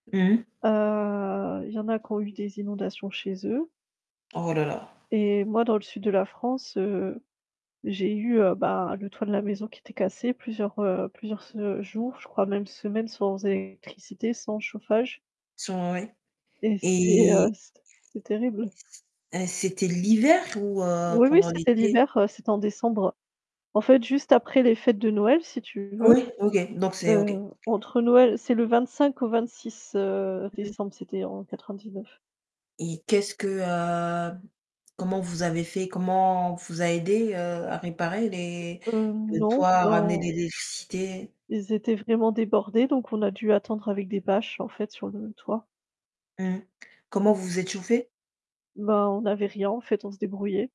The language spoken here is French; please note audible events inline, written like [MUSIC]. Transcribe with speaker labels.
Speaker 1: Mmh mh.
Speaker 2: Heu, il y en a qui ont eu des inondations chez eux
Speaker 1: Oh, là, là.
Speaker 2: et moi dans le sud de la France, heu, j'ai eu, heu, bah, le toit de la maison qui était cassé plusieurs, heu, plusieurs se jours, je crois même semaines sans électricité, sans chauffage
Speaker 1: [UNINTELLIGIBLE]
Speaker 2: et c'était, heu,
Speaker 1: Et
Speaker 2: c'ét c'était terrible.
Speaker 1: heu, c'était l'hiver ou heu,
Speaker 2: Oui oui
Speaker 1: pendant
Speaker 2: c'était
Speaker 1: l'été?
Speaker 2: l'hiver, heu, c'était en décembre. En fait juste après les fêtes de Noël si tu veux,
Speaker 1: Oui, OK, donc c'est OK. OK.
Speaker 2: heu, entre Noël c'est le 25 au 26, heu,
Speaker 1: Mmh mh.
Speaker 2: décembre, c'était en 99.
Speaker 1: Et qu'est-ce que, heu comment vous avez fait? Comment on vous a aidé, heu, à réparer les
Speaker 2: Heu,
Speaker 1: les
Speaker 2: non.
Speaker 1: toits à ramener de
Speaker 2: Non.
Speaker 1: l'électricité?
Speaker 2: Ils étaient vraiment débordés, donc on a dû attendre, avec des bâches, en fait, sur le toit.
Speaker 1: Mmh. Comment, vous vous êtes chauffés?
Speaker 2: Ben, on n'avait rien, en fait, on se débrouillait.